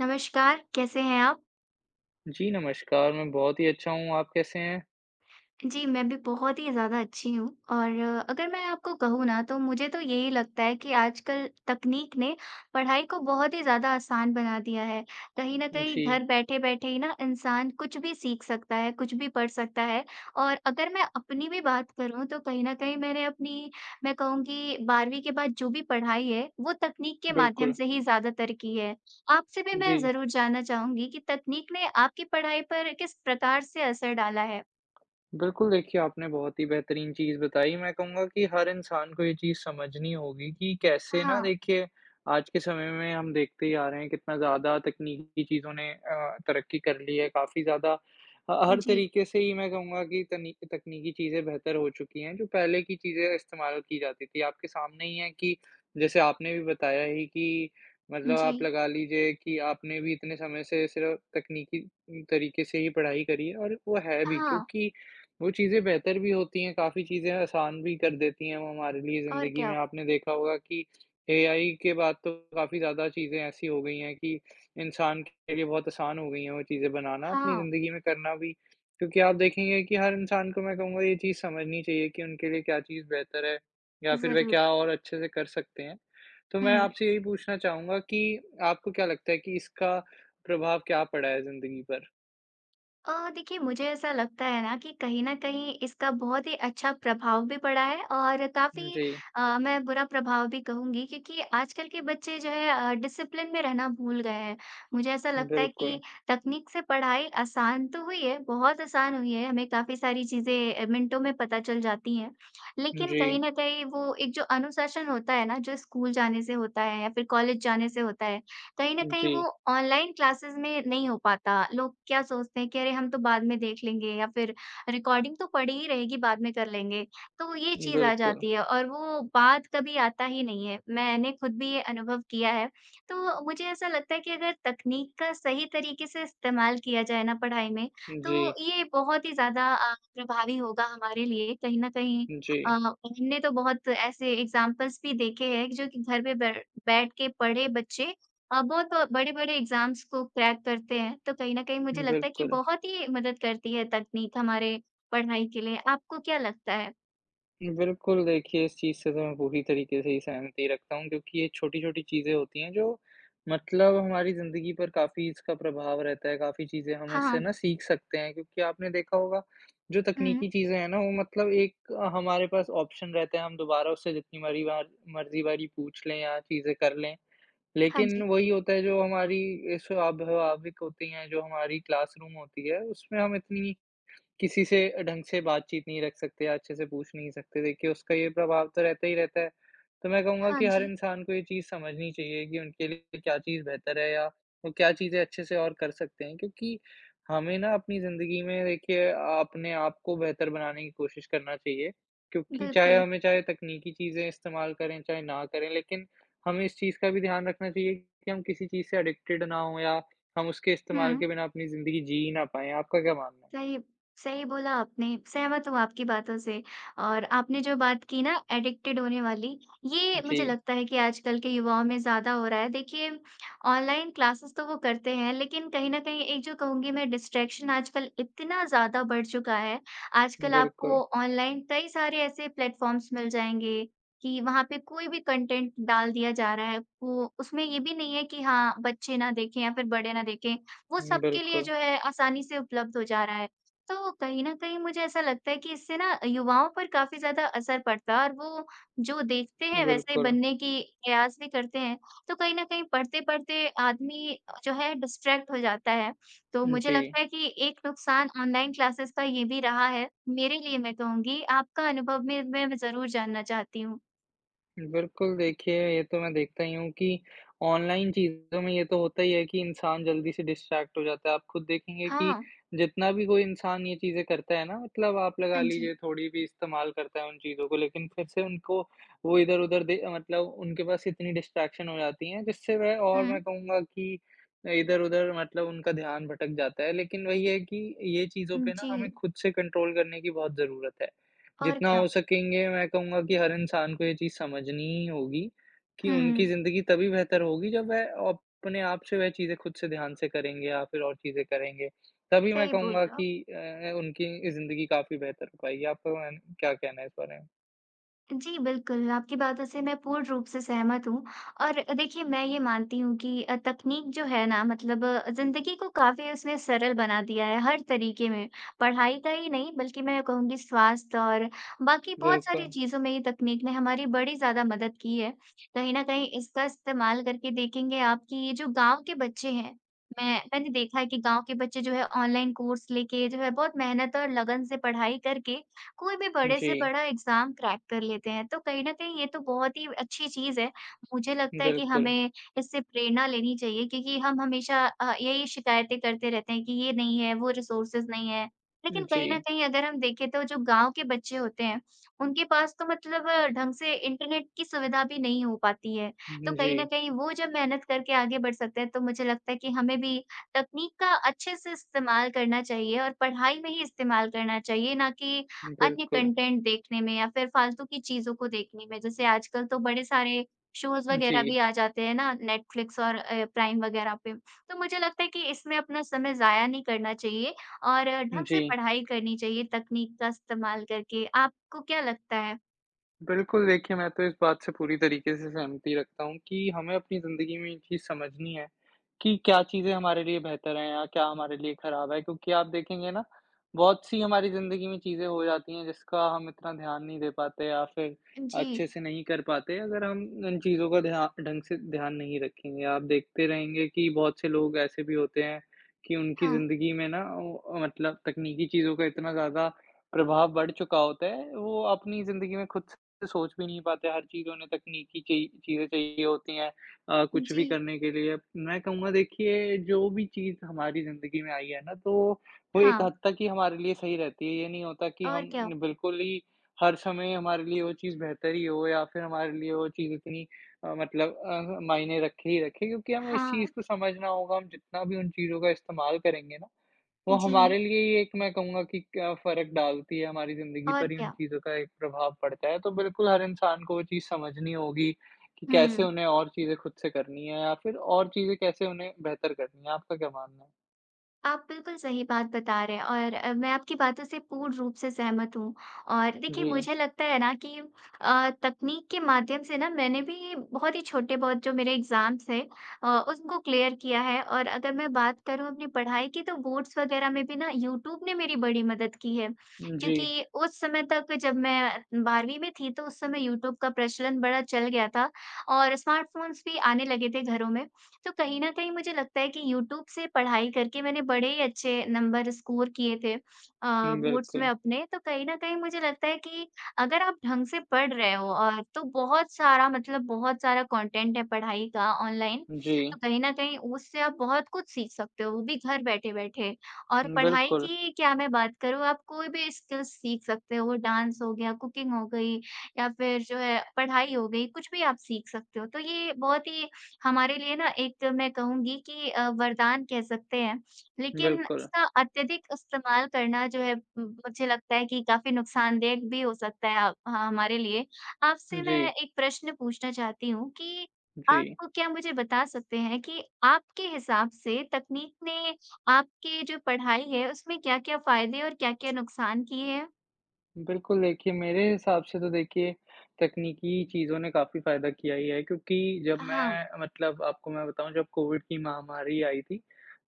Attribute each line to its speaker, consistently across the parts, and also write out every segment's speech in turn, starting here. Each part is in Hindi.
Speaker 1: नमस्कार, कैसे हैं आप?
Speaker 2: जी नमस्कार, मैं बहुत ही अच्छा हूँ, आप कैसे हैं?
Speaker 1: जी, मैं भी बहुत ही ज़्यादा अच्छी हूँ और अगर मैं आपको कहूँ ना तो मुझे तो यही लगता है कि आजकल तकनीक ने पढ़ाई को बहुत ही ज़्यादा आसान बना दिया है। कहीं न कहीं
Speaker 2: जी।
Speaker 1: घर बैठे-बैठे ही ना इंसान कुछ भी सीख सकता है, कुछ भी पढ़ सकता है और अगर मैं अपनी भी बात करूँ, तो कहीं न कहीं मैंने अपनी मैं कहूँ कि 12वीं के बाद जो भी पढ़ाई है, वो तकनीक के माध्यम
Speaker 2: बिल्कुल।
Speaker 1: से ही ज़्यादातर की है। आपसे भी मैं
Speaker 2: जी।
Speaker 1: ज़रूर जानना चाहूँगी कि तकनीक ने आपकी पढ़ाई पर किस प्रकार से असर डाला है?
Speaker 2: बिल्कुल, देखिए आपने बहुत ही बेहतरीन चीज़ बताई, मैं कहूँगा कि हर इंसान को ये चीज़ समझनी होगी कि कैसे ना
Speaker 1: हाँ।
Speaker 2: देखिए, आज के समय में हम देखते ही आ रहे हैं कितना ज़्यादा तकनीकी चीज़ों ने अ, तरक्की कर ली है काफ़ी ज़्यादा। ह हर
Speaker 1: जी।
Speaker 2: तरीक़े से ही मैं कहूँगा कि, तनि तकनीकी चीज़ें बेहतर हो चुकी हैं, जो पहले की चीज़ें इस्तेमाल की जाती थीं, आपके सामने ही है कि जैसे आपने भी बताया है कि, मतलब आप
Speaker 1: जी।
Speaker 2: लगा लीजिए कि आपने भी इतने समय से सिर्फ़ तकनीकी उम, तरीक़े से ही पढ़ाई करी और वो है भी,
Speaker 1: हाँ।
Speaker 2: क्योंकि वो चीज़ें बेहतर भी होती हैं, काफ़ी चीज़ें आसान भी कर देती हैं वो हमारे लिए
Speaker 1: और
Speaker 2: ज़िंदगी
Speaker 1: क्या?
Speaker 2: में। आपने देखा होगा कि, एआई के बाद तो काफ़ी ज़्यादा चीज़ें ऐसी हो गई हैं कि, इंसान के लिए बहुत आसान हो गई हैं वो चीज़ें बनाना, अपनी
Speaker 1: हाँ।
Speaker 2: ज़िंदगी में करना भी। क्योंकि आप देखेंगे कि हर इंसान को मैं कहूँगा ये चीज़ समझनी चाहिए कि उनके लिए क्या चीज़ बेहतर है या फ़िर वह
Speaker 1: ज़रूर।
Speaker 2: क्या और अच्छे से कर सकते हैं? तो मैं
Speaker 1: हुँ।
Speaker 2: आपसे यही पूछना चाहूँगा कि, आपको क्या लगता है कि इसका प्रभाव क्या पड़ा है ज़िंदगी पर?
Speaker 1: अ, देखिए मुझे ऐसा लगता है ना कि कहीं न कहीं इसका बहुत ही अच्छा प्रभाव भी पड़ा है और काफ़ी
Speaker 2: जी।
Speaker 1: अ, मैं बुरा प्रभाव भी कहूँगी, क्योंकि आजकल के बच्चे जो हैं अ, डिसिप्लिन में रहना भूल गए हैं। मुझे ऐसा लगता है
Speaker 2: बिल्कुल।
Speaker 1: कि तकनीक से पढ़ाई आसान तो हुई है, बहुत आसान हुई है, हमें काफ़ी सारी चीज़ें अ, मिनटों में पता चल जाती हैं। लेकिन कहीं
Speaker 2: जी।
Speaker 1: न कहीं वो एक जो अनुशासन होता है ना, जो स्कूल जाने से होता है या फिर कॉलेज जाने से होता है, कहीं न कहीं
Speaker 2: जी।
Speaker 1: वो ऑनलाइन क्लासेस में नहीं हो पाता। लोग क्या सोचते हैं कि अरे हम तो बाद में देख लेंगे अब फिर रिकॉर्डिंग तो पड़ी ही रहेगी बाद में कर लेंगे, तो ये चीज़ आ
Speaker 2: बिल्कुल।
Speaker 1: जाती है और वो बाद कभी आता ही नहीं है। मैंने खुद भी ये अनुभव किया है, तो मुझे ऐसा लगता है कि अगर तकनीक का सही तरीके से इस्तेमाल किया जाए ना पढ़ाई में, तो
Speaker 2: जी।
Speaker 1: ये बहुत ही ज़्यादा अ, प्रभावी होगा हमारे लिए कहीं न कहीं अ,
Speaker 2: जी।
Speaker 1: हमने तो बहुत ऐसे एग्ज़ाम्पल्स भी देखे हैं एक जो कि घर पे बै बैठ के पढ़े बच्चे अ, बहुत बड़े-बड़े एग्ज़ाम्स को क्रैक करते हैं। तो कहीं न कहीं मुझे लगता है कि
Speaker 2: बिल्कुल।
Speaker 1: बहुत ही मदद करती है, तकनीक हमारे पढ़ाई के लिए आपको क्या लगता है?
Speaker 2: बिल्कुल, देखिए इस चीज़ से तो मैं पूरी तरीके से ही सहमति रखता हूँ, क्योंकि ये छोटी-छोटी चीज़ें होती हैं जो मतलब हमारी ज़िंदगी पर काफ़ी इसका प्रभाव रहता है, काफ़ी चीज़ें हम इससे ना
Speaker 1: हाँ।
Speaker 2: सीख सकते हैं। क्योंकि आपने देखा होगा, जो तकनीकी
Speaker 1: हुँ।
Speaker 2: चीज़ें हैं ना वो मतलब एक हमारे पास ऑप्शन रहते हैं हम दोबारा उससे जितनी मारी वार मर्ज़ी वारी पूछ लें या चीज़ें कर लें।
Speaker 1: हाँ
Speaker 2: लेकिन
Speaker 1: जी।
Speaker 2: वही होता है जो हमारी ये स्वाभाविक होती हैं, जो हमारी क्लासरूम होती है, उसमें हम इतनी, किसी से ढंग से बातचीत नहीं रख सकते या अच्छे से पूछ नहीं सकते, देखिए उसका ये प्रभाव तो रहता ही रहता है। तो मैं कहूँगा
Speaker 1: हाँ
Speaker 2: कि हर
Speaker 1: जी।
Speaker 2: इंसान को ये चीज़ समझनी चाहिए कि उनके लिए क्या चीज़ बेहतर है या वो क्या चीज़ें अच्छे से और कर सकते हैं। क्योंकि, हमें ना अपनी ज़िंदगी में देखिए अपने आप को बेहतर बनाने की कोशिश करना चाहिए, क्योंकि चाहे
Speaker 1: बिल्कुल।
Speaker 2: हमें चाहे तकनीकी चीज़ें इस्तेमाल करें, चाहे ना करें लेकिन हमें इस चीज़ का भी ध्यान रखना चाहिए कि हम किसी चीज़ से एडिक्टेड ना हों या हम उसके इस्तेमाल
Speaker 1: हुँ।
Speaker 2: के बिना अपनी ज़िंदगी जी ही ना पाएँ। आपका क्या मानना है?
Speaker 1: सही सही बोला आपने, सहमत हूँ आपकी बातों से। और आपने जो बात की ना, एडिक्टेड होने वाली, ये मुझे
Speaker 2: जी।
Speaker 1: लगता है कि आजकल के युवाओं में ज़्यादा हो रहा है। देखिए, ऑनलाइन क्लासेज़ तो वो करते हैं, लेकिन कहीं न कहीं एक जो कहूँगी मैं डिस्ट्रैक्शन आजकल इतना ज़्यादा बढ़ चुका है, आजकल
Speaker 2: बिल्कुल।
Speaker 1: आपको ऑनलाइन कई सारे ऐसे प्लेटफॉर्म्स मिल जाएँगे, कि वहाँ पे कोई भी कंटेंट डाल दिया जा रहा है, वो उसमें ये भी नहीं है कि हाँ, बच्चे ना देखें या फिर बड़े ना देखें। वो
Speaker 2: हुँ,
Speaker 1: सबके लिए
Speaker 2: बिल्कुल।
Speaker 1: जो है आसानी से उपलब्ध हो जा रहा है, तो कहीं न कहीं मुझे ऐसा लगता है कि इससे ना, युवाओं पर काफ़ी ज़्यादा असर पड़ता है और वो जो देखते हैं वैसे ही
Speaker 2: बिल्कुल।
Speaker 1: बनने की प्रयास भी करते हैं। तो कहीं न कहीं पढ़ते-पढ़ते आदमी अ, जो है डिस्ट्रैक्ट हो जाता है, तो मुझे
Speaker 2: जी।
Speaker 1: लगता है कि एक नुकसान ऑनलाइन क्लासेज़ का ये भी रहा है, मेरे लिए मैं कहूँगी। आपका अनुभव मैं मैं भी ज़रूर जानना चाहती हूँ।
Speaker 2: बिल्कुल, देखिए, ये तो मैं देखता ही हूँ कि ऑनलाइन चीज़ों में ये तो होता ही है कि इंसान जल्दी से डिस्ट्रैक्ट हो जाता है। आप खुद देखेंगे कि
Speaker 1: हाँ।
Speaker 2: जितना भी कोई इंसान ये चीज़ें करता है ना, मतलब आप लगा
Speaker 1: हाँ जी।
Speaker 2: लीजिए थोड़ी भी इस्तेमाल करता है उन चीज़ों को, लेकिन फिर से उनको वो इधर-उधर दे मतलब उनके पास इतनी डिस्ट्रैक्शन हो जाती हैं, जिससे वह और मैं
Speaker 1: हुँ।
Speaker 2: कहूँगा कि अ, इधर-उधर मतलब उनका ध्यान भटक जाता है, लेकिन वही है कि ये चीज़ों
Speaker 1: उम,
Speaker 2: पे ना हमें
Speaker 1: जी।
Speaker 2: खुद से कंट्रोल करने की बहुत ज़रूरत है।
Speaker 1: और
Speaker 2: जितना
Speaker 1: क्या।
Speaker 2: हो सकेंगे मैं कहूँगा कि हर इंसान को ये चीज़ समझनी ही होगी कि उनकी
Speaker 1: हुँ।
Speaker 2: ज़िंदगी तभी बेहतर होगी, जब वह अपने आप से वह चीज़ें खुद से ध्यान से करेंगे, या फिर और चीज़ें करेंगे, तभी मैं
Speaker 1: सही बोल
Speaker 2: कहूँगा
Speaker 1: रहे हो आप।
Speaker 2: कि अ अ, उनकी ज़िंदगी काफ़ी बेहतर हो पाएगी। आपका वान क्या कहना है इस बारे में?
Speaker 1: जी, बिल्कुल। आपकी बातों से मैं पूर्ण रूप से सहमत हूँ, और देखिए मैं ये मानती हूँ कि अ, तकनीक जो है ना, मतलब ज़िंदगी को काफ़ी उसने सरल बना दिया है, हर तरीके में, पढ़ाई का ही नहीं, बल्कि मैं ये कहूँगी स्वास्थ्य और बाकी बहुत सारी
Speaker 2: बिल्कुल।
Speaker 1: चीज़ों में ये तकनीक ने हमारी बड़ी ज़्यादा मदद की है। कहीं न कहीं इसका इस्तेमाल करके देखेंगे आप कि ये जो गाँव के बच्चे हैं, मैं मैंने देखा कि गाँव के बच्चे जो हैं ऑनलाइन कोर्स लेके जो है बहुत मेहनत और लगन से पढ़ाई करके, कोई भी बड़े से
Speaker 2: जी।
Speaker 1: बड़ा एग्ज़ाम क्रैक कर लेते हैं, तो कहीं न कहीं ये तो बहुत ही अच्छी चीज़ है। मुझे लगता है कि
Speaker 2: बिल्कुल।
Speaker 1: हमें इससे प्रेरणा लेनी चाहिए, क्योंकि हम हमेशा अ, यही शिकायतें करते रहते हैं कि ये नहीं है, वो रिसोर्सेस नहीं है, लेकिन कहीं न
Speaker 2: जी।
Speaker 1: कहीं अगर हम देखें तो ओ जो गाँव के बच्चे होते हैं, उनके पास तो मतलब ढंग से इंटरनेट की सुविधा भी नहीं हो पाती है। तो
Speaker 2: अम,
Speaker 1: कहीं न
Speaker 2: जी।
Speaker 1: कहीं वो जब मेहनत करके आगे बढ़ सकते हैं, तो मुझे लगता है कि हमें भी तकनीक का अच्छे से इस्तेमाल करना चाहिए, और पढ़ाई में ही इस्तेमाल करना चाहिए, ना कि अन्य
Speaker 2: बिल्कुल।
Speaker 1: कॉन्टेंट देखने में या फिर फालतू की चीज़ों को देखने में, जैसे आजकल तो बड़े सारे शोज़ वगैरह
Speaker 2: जी।
Speaker 1: भी आ जाते हैं ना, नेटफ्लिक्स और अ, प्राइम वगैरह पे। तो मुझे लगता है कि इसमें अपना समय ज़ाया नहीं करना चाहिए और ढंग से
Speaker 2: जी।
Speaker 1: पढ़ाई करनी चाहिए तकनीक का इस्तेमाल करके, आपको क्या लगता है?
Speaker 2: बिल्कुल, देखिए मैं तो इस बात से पूरी तरीक़े से सहमति रखता हूँ कि हमें अपनी ज़िंदगी में ये चीज़ समझनी है, कि क्या चीज़ें हमारे लिए बेहतर हैं या क्या हमारे लिए ख़राब है, क्योंकि आप देखेंगे ना बहुत-सी हमारी ज़िंदगी में चीज़ें हो जाती हैं, जिसका हम इतना ध्यान नहीं दे पाते या फ़िर
Speaker 1: जी।
Speaker 2: अच्छे-से नहीं कर पाते। अगर हम इन चीज़ों का ध्या ढंग से ध्यान नहीं रखेंगे आप देखते रहेंगे कि बहुत से लोग ऐसे भी होते हैं कि उनकी
Speaker 1: हाँ।
Speaker 2: ज़िंदगी में ना वो अ, मतलब तकनीकी चीज़ों का इतना ज़्यादा प्रभाव बढ़ चुका होता है, वो अपनी ज़िंदगी में ख़ुद से सोच भी नहीं पाते। हर चीज़ों ने तकनीकी ची चीज़ें चाहिए होती हैं अ, कुछ भी
Speaker 1: जी।
Speaker 2: करने के लिए। मैं कहूँगा देखिए जो भी चीज़ हमारी ज़िंदगी में आई है ना, तो वो एक
Speaker 1: हाँ।
Speaker 2: हद तक ही हमारे लिए सही रहती है। ये नहीं होता कि
Speaker 1: और
Speaker 2: हम
Speaker 1: क्या?
Speaker 2: बिल्कुल ही हर समय हमारे लिए वो चीज़ बेहतर ही हो या फ़िर हमारे लिए वो चीज़ इतनी अ, मतलब अ, मायने रखे ही रखे क्योंकि हमें इस चीज़
Speaker 1: हाँ।
Speaker 2: को समझना होगा। हम जितना भी उन चीज़ों का इस्तेमाल करेंगे ना, वो
Speaker 1: जी।
Speaker 2: हमारे लिए एक मैं कहूँगा कि क्या फ़र्क डालती है हमारी ज़िंदगी
Speaker 1: और
Speaker 2: पर ये उन
Speaker 1: क्या?
Speaker 2: चीज़ों का एक प्रभाव पड़ता है। तो बिल्कुल हर इंसान को वो चीज़ समझनी होगी कि कैसे
Speaker 1: हुँ।
Speaker 2: उन्हें और चीज़ें ख़ुद से करनी है या फ़िर और चीज़ें कैसे उन्हें बेहतर करनी है। आपका क्या मानना है?
Speaker 1: आप बिल्कुल सही बात बता रहे हैं और अ, मैं आपकी बातों से पूर्ण रूप से सहमत हूँ। और देखिए,
Speaker 2: जी।
Speaker 1: मुझे लगता है ना कि अ, तकनीक के माध्यम से ना मैंने भी बहुत ही छोटे-बहुत जो मेरे एग्जाम्स थे अ, उसको क्लियर किया है। और अगर मैं बात करूँ अपनी पढ़ाई की, तो बोर्ड्स वगैरह में भी ना यूट्यूब ने मेरी बड़ी मदद की है,
Speaker 2: जी।
Speaker 1: क्योंकि उस समय तक जब मैं 12वीं में थी, तो उस समय यूट्यूब का प्रचलन बड़ा चल गया था और स्मार्टफ़ोन्स भी आने लगे थे घरों में। तो कहीं न कहीं मुझे लगता है कि यूट्यूब से पढ़ाई करके मैंने बड़े ही अच्छे नंबर स्कोर किए थे अ,
Speaker 2: उम,
Speaker 1: बोर्ड्स में
Speaker 2: बिल्कुल।
Speaker 1: अपने। तो कहीं न कहीं मुझे लगता है कि, अगर आप ढंग से पढ़ रहे हो और तो बहुत सारा मतलब बहुत सारा कंटेंट है पढ़ाई का ऑनलाइन,
Speaker 2: जी।
Speaker 1: तो कहीं न कहीं उससे आप बहुत कुछ सीख सकते हो, वो भी घर बैठे-बैठे। और पढ़ाई
Speaker 2: बिल्कुल।
Speaker 1: की क्या मैं बात करूँ आप कोई भी स्किल्स सीख सकते हो डांस हो गया, कुकिंग हो गई या फिर जो है पढ़ाई हो गई कुछ भी आप सीख सकते हो। तो ये बहुत ही हमारे लिए ना एक मैं कहूँगी कि अ, वरदान कह सकते हैं, लेकिन
Speaker 2: बिल्कुल।
Speaker 1: इसका अत्यधिक इस्तेमाल करना जो है उम, मुझे लगता है कि काफ़ी नुकसानदायाक भी हो सकता है अ, ह हमारे लिए। आपसे मैं
Speaker 2: जी।
Speaker 1: एक प्रश्न पूछना चाहती हूँ कि, आप
Speaker 2: जी।
Speaker 1: को क्या मुझे बता सकते हैं कि आपके हिसाब से तकनीक ने आपके जो पढ़ाई है, उसमें क्या-क्या फ़ायदे और क्या-क्या नुकसान किए हैं?
Speaker 2: बिल्कुल देखिए, मेरे हिसाब से तो देखिए, तकनीकी चीज़ों ने काफ़ी फ़ायदा किया ही है, क्योंकि जब
Speaker 1: हाँ।
Speaker 2: मैं मतलब आपको मैं बताऊँ जब कोविड की महामारी आई थी,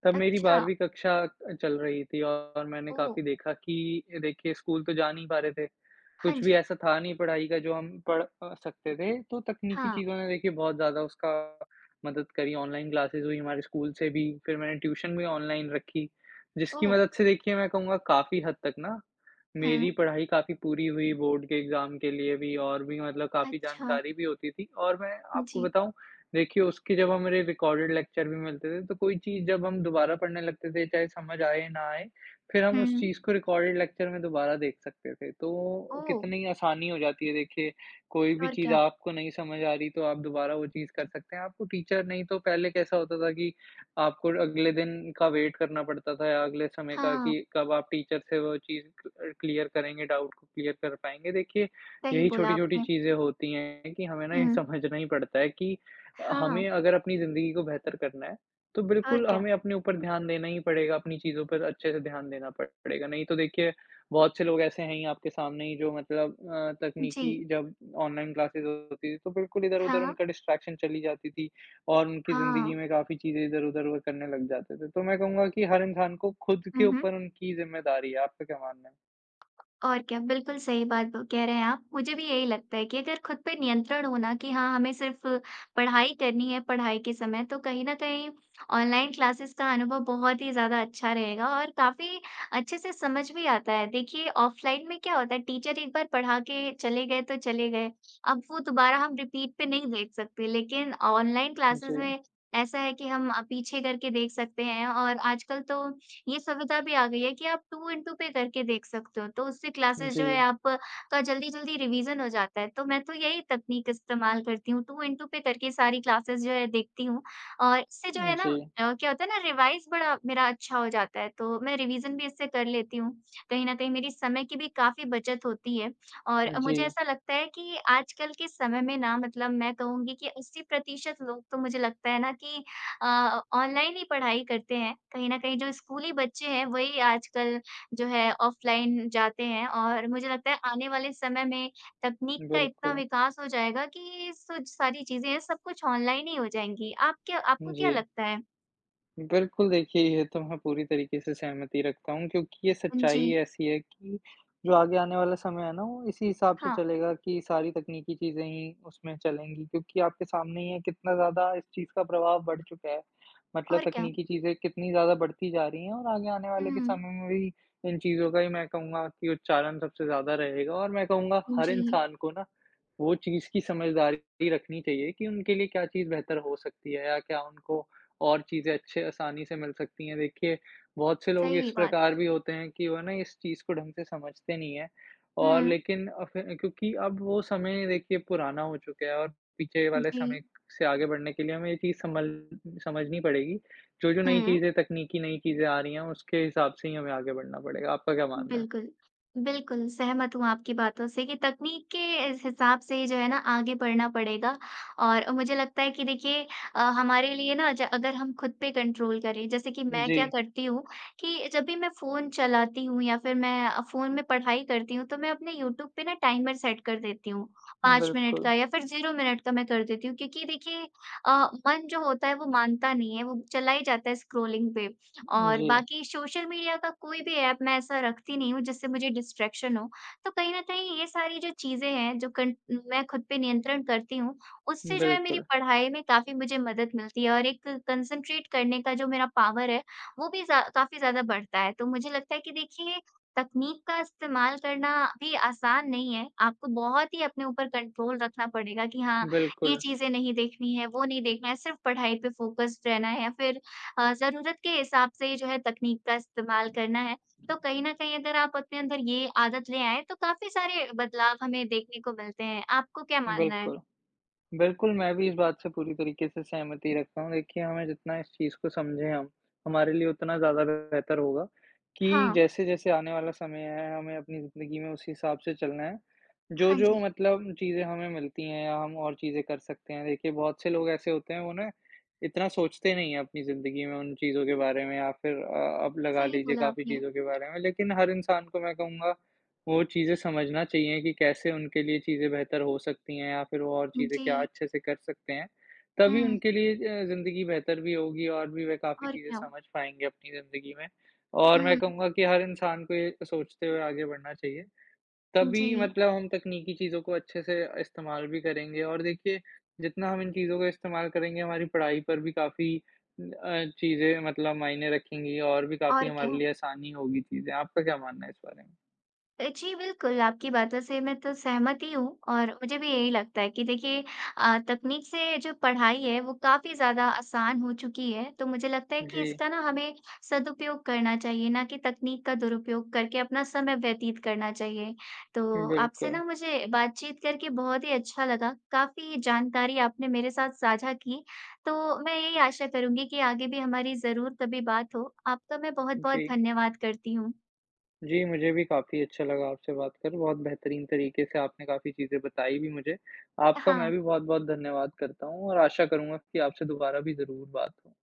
Speaker 2: तब मेरी
Speaker 1: अच्छा।
Speaker 2: 12वीं कक्षा चल रही थी और मैंने
Speaker 1: ओह!
Speaker 2: काफ़ी देखा कि देखिए स्कूल तो जा नहीं पा रहे थे,
Speaker 1: हाँ
Speaker 2: कुछ भी
Speaker 1: जी।
Speaker 2: ऐसा था नहीं पढ़ाई का जो हम पढ़ अ, सकते थे, तो तकनीकी
Speaker 1: हाँ।
Speaker 2: चीज़ों ने देखिए बहुत ज़्यादा उसका मदद करी, ऑनलाइन क्लासेज़ हुईं, हमारे स्कूल से भी, फिर मैंने ट्यूशन भी ऑनलाइन रखी। जिसकी
Speaker 1: ओह!
Speaker 2: मदद से देखिए मैं कहूँगा काफ़ी हद तक ना, मेरी
Speaker 1: हुँ।
Speaker 2: पढ़ाई काफ़ी पूरी हुई बोर्ड के एग्ज़ाम के लिए भी और भी मतलब काफ़ी
Speaker 1: अच्छा।
Speaker 2: जानकारी भी होती थी और मैं आपको
Speaker 1: जी।
Speaker 2: बताऊँ। देखिए उसके जब हमारे रिकॉर्डेड लेक्चर भी मिलते थे, तो कोई चीज़ जब हम दोबारा पढ़ने लगते थे, चाहे समझ आए ना आए, फिर हम उस
Speaker 1: हुँ।
Speaker 2: चीज़ को रिकॉर्डेड लेक्चर में दोबारा देख सकते थे। तो
Speaker 1: ओह!
Speaker 2: कितनी आसानी हो जाती है, देखिए कोई भी
Speaker 1: और
Speaker 2: चीज़
Speaker 1: क्या?
Speaker 2: आपको नहीं समझ आ रही तो आप दोबारा वो चीज़ कर सकते हैं। आपको टीचर नहीं तो पहले कैसा होता था कि आपको अगले दिन का वेट करना पड़ता था या अगले समय का
Speaker 1: हाँ।
Speaker 2: कि कब आप टीचर से वो चीज़ क क्लियर करेंगे, डाउट क्लियर कर पाएँगे। देखिए
Speaker 1: सही
Speaker 2: यही
Speaker 1: बोला
Speaker 2: छोटी-छोटी
Speaker 1: आपने।
Speaker 2: चीज़ें होती हैं कि हमें न ये
Speaker 1: हुँ।
Speaker 2: समझना ही पड़ता है कि
Speaker 1: हाँ।
Speaker 2: हमें अगर अपनी ज़िंदगी को बेहतर करना है, तो
Speaker 1: और
Speaker 2: बिल्कुल
Speaker 1: क्या?
Speaker 2: हमें अपने ऊपर ध्यान देना ही पड़ेगा, अपनी चीज़ों पर अच्छे से ध्यान देना पड़ पड़ेगा। नहीं तो देखिए बहुत से लोग ऐसे हैं ही आपके सामने ही जो मतलब अ, तकनीकी
Speaker 1: जी।
Speaker 2: जब ऑनलाइन क्लासेज़ होती थी, तो बिल्कुल इधर-उधर
Speaker 1: हाँ।
Speaker 2: उनका डिस्ट्रैक्शन चली जाती थी और उनकी ज़िंदगी
Speaker 1: हाँ।
Speaker 2: में काफ़ी चीज़ें इधर-उधर [unintelligible] करने लग जाते थे। तो मैं कहूँगा कि हर इंसान को खुद के
Speaker 1: हुँ, हुँ।
Speaker 2: ऊपर उनकी ज़िम्मेदारी है, आपका क्या मानना है?
Speaker 1: और क्या बिल्कुल सही बात ओ कह रहे हैं आप। मुझे भी यही लगता है कि अगर खुद पे नियंत्रण होना कि हाँ, हमें सिर्फ़ पढ़ाई करनी है पढ़ाई के समय तो कहीं न कहीं ऑनलाइन क्लासेस का अनुभव बहुत ही ज़्यादा अच्छा रहेगा और काफ़ी अच्छे से समझ भी आता है। देखिए ऑफ़लाइन में क्या होता है टीचर एक बार पढ़ा के चले गए तो चले गए अब वो दोबारा हम रिपीट पे नहीं देख सकते। लेकिन ऑनलाइन क्लासेस
Speaker 2: जी।
Speaker 1: में ऐसा है कि हम अ, पीछे करके देख सकते हैं और आजकल तो ये सुविधा भी आ गई है कि आप टू इन टू पे करके देख सकते हो तो उससे क्लासेस जो है
Speaker 2: जी।
Speaker 1: आपका जल्दी-जल्दी रिविजन हो जाता है। तो मैं तो यही तकनीक इस्तेमाल करती हूँ टू इन टू पे करके सारी क्लासेस जो है देखती हूँ। और इससे जो
Speaker 2: उ,
Speaker 1: है ना
Speaker 2: जी।
Speaker 1: अ, क्या होता है ना रिवाइज़ बड़ा मेरा अच्छा हो जाता है तो मैं रिविजन इससे कर लेती हूँ। कहीं न कहीं मेरी समय की भी काफ़ी बचत होती है। और
Speaker 2: उ,
Speaker 1: मुझे
Speaker 2: जी।
Speaker 1: ऐसा लगता है कि आजकल के समय में ना मतलब मैं कहूँगी कि 80% लोग तो मुझे लगता है ना कि अ, ऑनलाइन ही पढ़ाई करते हैं कहीं न कहीं जो स्कूली बच्चे हैं वही आजकल जो है ऑफ़लाइन जाते हैं। और मुझे लगता है आने वाले समय में तकनीक का इतना
Speaker 2: बिल्कुल।
Speaker 1: विकास हो जाएगा कि सु सारी चीज़ें हैं सब कुछ ऑनलाइन ही हो जाएँगी। आप क्या आपको
Speaker 2: हुँ,
Speaker 1: क्या
Speaker 2: जी।
Speaker 1: लगता है?
Speaker 2: बिल्कुल, देखिए, ये तो मैं पूरी तरीके से सहमति रखता हूँ, क्योंकि ये
Speaker 1: उम,
Speaker 2: सच्चाई ही
Speaker 1: जी।
Speaker 2: ऐसी है कि जो आगे आने वाला समय है ना, वो इसी हिसाब से
Speaker 1: हाँ।
Speaker 2: चलेगा कि सारी तकनीकी चीज़ें ही उसमें चलेंगी क्योंकि आपके सामने ही है कितना ज़्यादा इस चीज़ का प्रभाव बढ़ चुका है। मतलब
Speaker 1: और क्या।
Speaker 2: तकनीकी चीज़ें कितनी ज़्यादा बढ़ती जा रही हैं, और आगे आने वाले के
Speaker 1: हुँ।
Speaker 2: समय में भी इन चीज़ों का ही मैं कहूँगा कि उच्चारण सबसे ज़्यादा रहेगा और मैं कहूँगा हर
Speaker 1: जी।
Speaker 2: इंसान को ना वो चीज़ की समझदारी रखनी चाहिए कि उनके लिए क्या चीज़ बेहतर हो सकती है, या क्या उनको और चीज़ें अच्छे आसानी से मिल सकती हैं। देखिए, बहुत से लोग
Speaker 1: सही
Speaker 2: इस
Speaker 1: बात है।
Speaker 2: प्रकार भी होते हैं कि वो ना इस चीज़ को ढंग से समझते नहीं हैं और
Speaker 1: हुँ।
Speaker 2: लेकिन अब फिर क्योंकि अब वो समय देखिए पुराना हो चुका है, और पीछे वाले समय
Speaker 1: जी।
Speaker 2: से आगे बढ़ने के लिए हमें ये चीज़ सँभल समझनी पड़ेगी। जो-जो नई
Speaker 1: हुँ।
Speaker 2: चीज़ें तकनीकी नई चीज़ें आ रही हैं, उसके हिसाब से ही हमें आगे बढ़ना पड़ेगा। आपका क्या मानना है?
Speaker 1: बिल्कुल। बिल्कुल, सहमत हूँ आपकी बातों से कि तकनीक के इस हिसाब से ही जो है ना आगे बढ़ना पड़ेगा और मुझे लगता है कि देखिए अ, हमारे लिए ना ज अगर हम खुद पे कंट्रोल करें। जैसे कि मैं क्या
Speaker 2: जी।
Speaker 1: करती हूँ कि जब भी मैं फ़ोन चलाती हूँ या फिर मैं अ, फ़ोन में पढ़ाई करती हूँ, तो मैं अपने यूट्यूब पे ना टाइमर सेट कर देती हूँ, 5 मिनट
Speaker 2: बिल्कुल।
Speaker 1: का या फिर 0 मिनट का मैं कर देती हूँ क्योंकि देखिए अ, मन जो होता है, वो मानता नहीं है, वो चला ही जाता है स्क्रॉलिंग पे। और
Speaker 2: जी।
Speaker 1: बाकी सोशल मीडिया का कोई भी ऐप मैं ऐसा रखती नहीं हूँ जिससे मुझे डिस्ट्रैक्शन हो। तो कहीं न कहीं ये सारी जो चीज़ें हैं, जो कन मैं खुद पे नियंत्रण करती हूँ, उससे जो है मेरी
Speaker 2: बिल्कुल।
Speaker 1: पढ़ाई में काफ़ी मुझे मदद मिलती है, और एक कॉन्संट्रेट करने का जो मेरा पावर है, वो भी ज़ा काफ़ी ज़्यादा बढ़ता है। तो मुझे लगता है कि देखिए, तकनीक का इस्तेमाल करना भी आसान नहीं है। आपको बहुत ही अपने ऊपर कंट्रोल रखना पड़ेगा कि हाँ, ये
Speaker 2: बिल्कुल।
Speaker 1: चीज़ें नहीं देखनी है, वो नहीं देखना है, सिर्फ़ पढ़ाई पे फोकस्ड रहना है या फिर अ, ज़रूरत के हिसाब से ही जो है तकनीक का इस्तेमाल करना है। तो कहीं न कहीं अगर आप अपने अंदर ये आदत ले आएँ, तो काफ़ी सारे बदलाव हमें देखने को मिलते हैं। आपको क्या मानना है?
Speaker 2: बिल्कुल। बिल्कुल, मैं भी इस बात से पूरी तरीके से सहमति रखता हूँ देखिए, हमें जितना इस चीज़ को समझें हम, हमारे लिए उतना ज़्यादा बेहतर होगा कि
Speaker 1: हाँ।
Speaker 2: जैसे-जैसे आने वाला समय है, हमें अपनी ज़िंदगी में उस हिसाब से चलना है,
Speaker 1: हाँ
Speaker 2: जो-जो
Speaker 1: जी।
Speaker 2: मतलब चीज़ें हमें मिलती हैं या हम और चीज़ें कर सकते हैं, देखिए बहुत से लोग ऐसे होते हैं उन्हें इतना सोचते नहीं हैं अपनी ज़िंदगी में उन चीज़ों के बारे में या फिर अ, अब लगा
Speaker 1: सही
Speaker 2: लीजिए
Speaker 1: बोला
Speaker 2: काफ़ी
Speaker 1: आपने।
Speaker 2: चीज़ों के बारे में। लेकिन हर इंसान को मैं कहूँगा, वो चीज़ें समझना चाहिए कि कैसे उनके लिए चीज़ें बेहतर हो सकती हैं या फिर वो और चीज़ें क्या
Speaker 1: जी।
Speaker 2: अच्छे से कर सकते हैं, तभी
Speaker 1: हुँ।
Speaker 2: उनके लिए अ, ज़िंदगी बेहतर भी होगी, और भी वे काफ़ी
Speaker 1: और
Speaker 2: चीज़ें
Speaker 1: क्या।
Speaker 2: समझ पाएँगे अपनी ज़िंदगी में और मैं
Speaker 1: हुँ।
Speaker 2: कहूँगा कि हर इंसान को ये सोचते हुए आगे बढ़ना चाहिए, तभी
Speaker 1: जी।
Speaker 2: मतलब हम तकनीकी चीज़ों को अच्छे से इस्तेमाल भी करेंगे। और देखिए, जितना हम इन चीज़ों का इस्तेमाल करेंगे, हमारी पढ़ाई पर भी काफ़ी अ, चीज़ें मतलब मायने रखेंगी और भी काफ़ी
Speaker 1: और
Speaker 2: हमारे
Speaker 1: क्या।
Speaker 2: लिए आसानी होगी चीज़ें। आपका क्या मानना है इस बारे में?
Speaker 1: अ, जी, बिल्कुल, आपकी बातों से मैं तो सहमत ही हूँ, और मुझे भी यही लगता है कि देखिए अ, तकनीक से जो पढ़ाई है, वो काफ़ी ज़्यादा आसान हो चुकी है, तो मुझे लगता है कि
Speaker 2: जी।
Speaker 1: इसका ना हमें सदुपयोग करना चाहिए, ना कि तकनीक का दुरुपयोग करके अपना समय व्यतीत करना चाहिए। तो आपसे
Speaker 2: बिल्कुल।
Speaker 1: ना मुझे बातचीत करके बहुत ही अच्छा लगा, काफ़ी जानकारी आपने मेरे साथ साझा की, तो मैं यही आशा करूँगी कि आगे भी हमारी ज़रूर तभी बात हो। आपका मैं बहुत-बहुत
Speaker 2: जी।
Speaker 1: धन्यवाद करती हूँ।
Speaker 2: जी, मुझे भी काफ़ी अच्छा लगा आपसे बात कर, बहुत बेहतरीन तरीके से आपने काफ़ी चीज़ें बताईं भी मुझे।
Speaker 1: अ,
Speaker 2: आपका मैं
Speaker 1: हाँ।
Speaker 2: भी बहुत-बहुत धन्यवाद करता हूँ, और आशा करूँगा कि आपसे दोबारा भी ज़रूर बात हो।